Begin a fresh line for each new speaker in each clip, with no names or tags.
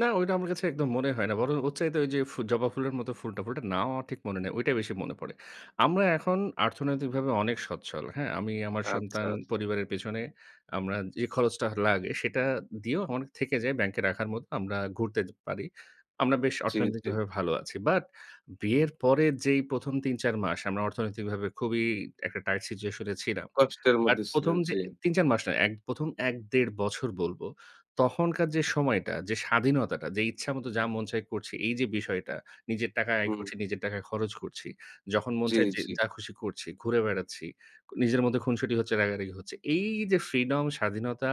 না ওইটা আমার কাছে একদম মনে হয় না। বরং ওর চাইতে ওইযে ফু জবা ফুলের মতো ফুলটা ফুলটার নাম আমার ঠিক মনে নেই, ঐটা বেশি মনে পড়ে। আমরা এখন অর্থনৈতিকভাবে অনেক সচ্ছল হ্যাঁ? আমি আমার
আচ্ছা,
সন্তান
আচ্ছা।
পরিবারের পেছনে আমরা যে খরচটা হ লাগে সেটা দিয়েও অনেক থেকে যায় ব্যাংকে রাখার মতো আমরা ঘুরতে এ পারি। আমরা বেশ
জি, জি।
অর্থনৈতিকভাবে ভালো আছি। বাট বিয়ের পরের যেই প্রথম ৩, ৪ মাস আমরা অর্থনৈতিকভাবে খুবই একটা টাইট সিচুয়েশন এ ছিলাম।
কষ্টের
আর
মধ্যে
১ম
ছিলেন,
যে
জি।
৩, ৪ মাস না, ১ম ১-১.৫ বছর বলব, তখনকার যে সময়টা যে স্বাধীনতাটা যে ইচ্ছামত যা মন চায় করছি এই যে বিষয়টা নিজের টাকা আয়
হুম।
করছি, নিজের টাকা খরচ করছি। যখন মন
জি,
চায় যে
জি।
যা খুশি করছি, ঘুরে বেড়াচ্ছি, নিজের মধ্যে খুনসুটি হচ্ছে, রাগারাগি হচ্ছে। এই যে ফ্রিডম স্বাধীনতা,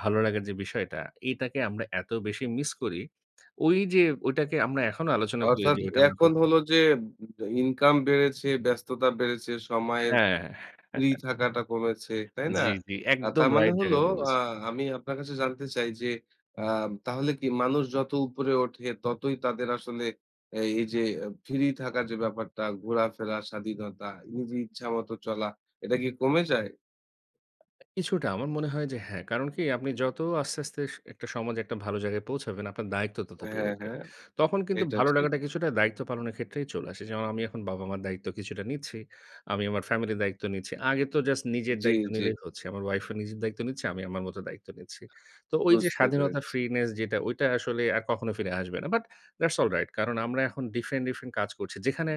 ভালোলাগার যে বিষয়টা এটাকে আমরা এত বেশি মিস করি, ওই যে ওটাকে আমরা এখনো আলোচনা করি
অর্থাৎ
যে ঐটা আমরা
এখন
খুব
হলো যে এম ইনকাম বেড়েছে, ব্যস্ততা বেড়েছে, সময়ের
হ্যাঁ।
ফ্রি থাকাটা কমেছে তাই না?
জি, জি।
আ
একদম
তার মানে
রাইট
হলো
জায়গায়
আ
বলেছেন।
আমি আপনার কাছে জানতে চাই যে আ তাহলে কি মানুষ যত উপরে ওঠে ততই তাদের আসলে অ্যা এই যে ফ্রি থাকার যে ব্যাপারটা ঘোরাফেরা, স্বাধীনতা নিজের ইচ্ছা মত চলা এটা কি কমে যায়?
কিছুটা আমার মনে হয় যে হ্যাঁ। কারণ কি আপনি যত আস্তে, আস্তে স একটা সমাজে একটা ভালো জায়গায় পৌঁছাবেন, আপনার দায়িত্ব তত
হ্যাঁ,
বেড়ে যায়।
হ্যাঁ,
তখন কিন্তু
এটা
ভালো
ঠিক।
লাগাটা কিছুটা দায়িত্ব পালনের ক্ষেত্রেই চলে আসে। যেমন আমি এখন বাবা-মার দায়িত্ব কিছুটা নিচ্ছি। আমি আমার ফ্যামিলির দায়িত্ব নিচ্ছি। আগে তো জাস্ট নিজের
জি,
দায়িত্ব
জি।
নিলেই হচ্ছে। আমার ওয়াইফও নিজের দায়িত্ব নিচ্ছে। আমি আমার মত দায়িত্ব নিচ্ছি। তো ওই যে
বুঝতে
স্বাধীনতার
পেরেছি।
ফ্রিনেস যেটা ঐটা আসলে আর কখনো ফিরে আসবে না। বাট দ্যাটস অলরাইট কারণ আমরা এখন ডিফারেন্ট, ডিফারেন্ট কাজ করছি। যেখানে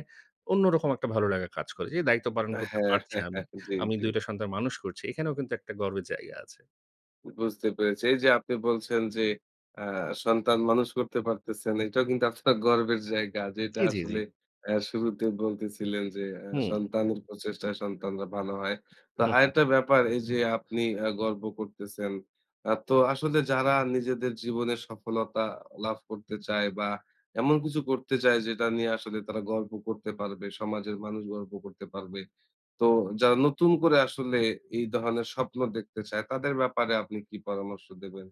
অন্যরকম একটা ভালো লাগা কাজ করে। যে দায়িত্ব পালন করতে
হ্যাঁ,
পারছি আমি।
জি,
আমি
জি।
২ টা সন্তান মানুষ করছি। এখানেও কিন্তু একটা গর্বের জায়গা আছে।
বুঝতে পেরেছি। এই যে আপনি বলছেন যে আ সন্তান মানুষ করতে পারতেছেন। এটাও কিন্তু আপনার গর্বের জায়গা যেটা
জি, জি, জি।
আসলে অ্যা শুরুতে বলতেছিলেন যে অ্যা
হুম।
সন্তানের প্রচেষ্টায় সন্তানরা ভালো হয়। তো
হু, হু।
আরেকটা ব্যাপার এই যে আপনি অ্যা গর্ব করতেছেন অ্যা তো আসলে যারা নিজেদের জীবনে সফলতা লাভ করতে চায় বা এমন কিছু করতে চায় যেটা নিয়ে আসলে তারা গর্ব করতে পারবে, সমাজের মানুষ গর্ব করতে পারবে। তো যারা নতুন করে আসলে এই ধরনের স্বপ্ন দেখতে চায় তাদের ব্যাপারে আপনি কি পরামর্শ দেবেন?